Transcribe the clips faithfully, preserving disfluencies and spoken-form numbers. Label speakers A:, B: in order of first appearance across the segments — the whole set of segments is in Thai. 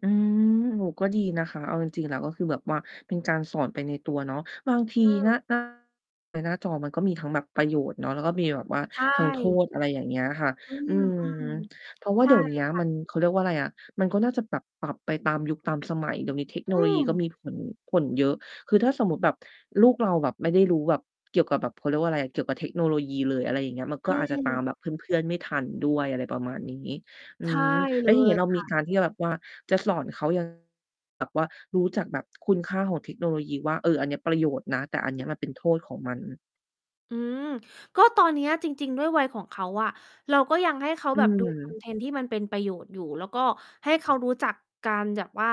A: อืม โอ้โฮ ก็ดีนะคะ เอาจริง ๆ แล้ว ก็คือแบบว่า เป็นการสอนไปในตัวเนาะ บางที
B: อื
A: นะ
B: ม
A: หน้า ในหน้าจอมันก็มีทั้งแบบประโยชน์เนาะ แล้วก็มีแบบว่า
B: ใช
A: ทั้งโท
B: ่
A: ษ อะไรอย่างเงี้ยค่ะ
B: อื
A: อื
B: ม
A: ม
B: อืม
A: เพราะว่
B: ใ
A: า
B: ช
A: เ
B: ่
A: ดี๋ยวเนี้ย
B: ค่
A: ม
B: ะ
A: ัน เขาเรียกว่าไรอะ มันก็น่าจะปรับ ปรับไปตามยุคตามสมัย เดี๋ยวนี้เทคโน
B: อื
A: โลยีก็
B: ม!
A: มีผล ผลเยอะ คือถ้าสมมุติแบบ ลูกเราแบบไม่ได้รู้แบบ เกี่ยวกับแบบ เขาเรียกว่าไร เกี่ยวกับเทคโนโลยีเลย อะไรอย่างเงี้ย มัน
B: อ
A: ก
B: ื
A: ็อาจจะตา
B: ม
A: มแบบเพื่อน ๆ ไม่ทันด้วย อะไรประมาณนี้ อื
B: ใช่
A: ม แ
B: เ
A: ล
B: ล
A: ้วทีเนี้
B: ย
A: ยเรา
B: ค
A: มี
B: ่ะ
A: การที่จะแบบว่า จะสอนเขา ยังไง แบบว่ารู้จักแบบคุณค่าของเทคโนโลยีว่า เออ อันเนี้ยประโยชน์นะ แต่ อันเนี้ยมันเป็นโทษของมัน
B: อืม ก็ตอนเนี้ยจริง ๆ ด้วยวัยของเขาอะ เราก็ยังให้เขา
A: อื
B: แบบ ดู คอ
A: ม
B: นเทนต์ที่มันเป็นประโยชน์อยู่ แล้วก็ให้เขารู้จักการแยบ ว่า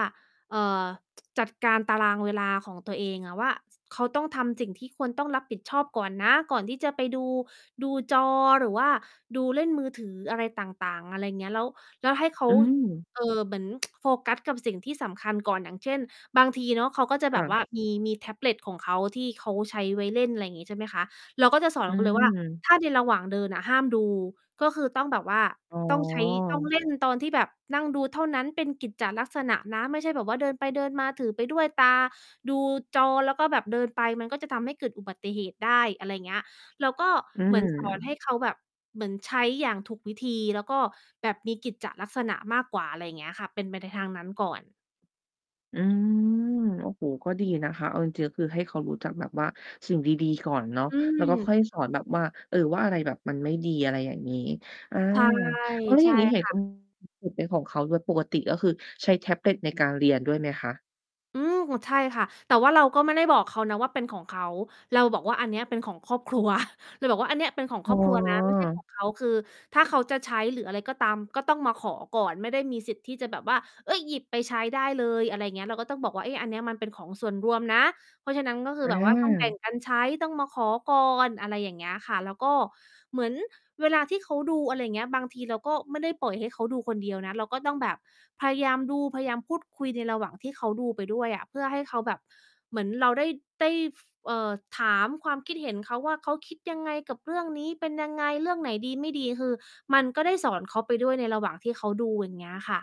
B: เอ่อ จัดการตารางเวลาของตัวเองอะว่า ส เขาต้องทำสิ่งที่ควรต้องรับผิดชอบก่อนนะ ก่อนที่จะไปดู ดูจอหรือว่าดู เล่นมือถืออะไรต่าง ๆ อะไรเงี้ย แล้ว แล้วให้เขา
A: อืม
B: เอ่อ เหมือน โฟกัสกับสิ่งที่สำคัญก่อน อย่างเช่น บางทีเนาะเขาก็จะ
A: ค
B: แบ
A: ่
B: บ
A: ะ
B: ว่า มี มีแท็บเล็ต ของเขา ที่เขาใช้ไว้เล่น อะไรงี้ ใช่ไหมคะ เราก็จะสอน
A: อื
B: เขาเลยว่า
A: ม
B: ถ้าในระหว่างเดินอะห้ามดู ก็คือต้องแบบว่า
A: อ๋
B: ต้องใช้ ต้อง
A: อ
B: เล่นตอนที่แบบนั่งดูเท่านั้น เป็นกิจจะลักษณะนะ ไม่ใช่แบบว่า เดินไปเดินมาถือไปด้วย ตาดูจอแล้วก็แบบเดินไป มันก็จะทำให้เกิดอุบัติเหตุได้ อะไรเงี้ย แล้วก็
A: อื
B: เหมือน สอน ให
A: ม
B: ้เขาแบบ เหมือนใช้อย่างถูกวิธี แล้วก็แบบมีกิจจะลักษณะมากกว่า อะไรเงี้ยค่ะ เป็นไปในทางนั้นก่อน
A: อืม โอ้โฮ ก็ดีนะคะ เอาจริง ๆ ก็คือให้เขารู้จักแบบว่าสิ่งดี ๆ ก่อนเนาะ
B: อื
A: แล้วก็ค
B: ม
A: ่อยสอนแบบว่า เออ ว่าอะไรแบบมันไม่ดี อะไรอย่างงี้ อา
B: ใช่
A: เออ แล้ว
B: ใ
A: อ
B: ช
A: ย่า
B: ่
A: งงี้ เห็น
B: ค
A: เ
B: ่
A: ขา
B: ะ
A: มีแท็บเล็ต เป็นของเขาด้วย ปกติก็คือใช้แท็บเล็ตในการเรียนด้วยไหมคะ?
B: อืม! ใช่ค่ะ แต่ว่าเราก็ไม่ได้บอกเขานะว่าเป็นของเขา เราบอกว่าอันเนี้ยเป็นของครอบ ครัว เราบอกว่าอันเนี้ยเป็นของ
A: อ๋
B: ค
A: อ
B: รอบครัว นะ ไม่ใช่ของ เขา คือถ้าเขาจะใช้หรืออะไรก็ตาม ก็ต้องมาขอก่อน ไม่ได้มีสิทธิ์ที่จะแบบว่า เฮ่ย หยิบไปใช้ได้เลย อะไรเงี้ย เราก็ต้องบอกว่า "เอ๊ะ อันเนี้ยมันเป็นของส่วนรวมนะ" เพราะฉะนั้นก็คื
A: อ
B: อแบบว่า ต้อง แบ่
A: า
B: งกันใช้ ต้องมาขอก่อน อะไรอย่างเงี้ยค่ะ แล้วก็เหมือนเวลาที่เขาดู อะไรอย่างเงี้ย บางทีเราก็ไม่ได้ปล่อยให้เขาดูคนเดียวนะ เราก็ต้องแบบพยายามดู พยายามพูดคุยในระหว่างที่เขาดูไปด้วยอะ เพื่อให้เขาแบบ เหมือนเราได้ ได้ ฟ เอ่อ ถามความคิดเห็นเขาว่า เขาคิดยังไงกับเรื่องนี้? เป็นยังไง? เรื่องไหนดีไม่ดี? คือมันก็ได้สอนเขาไปด้วยในระหว่างที่เขาดู อย่างเงี้ยค่ะ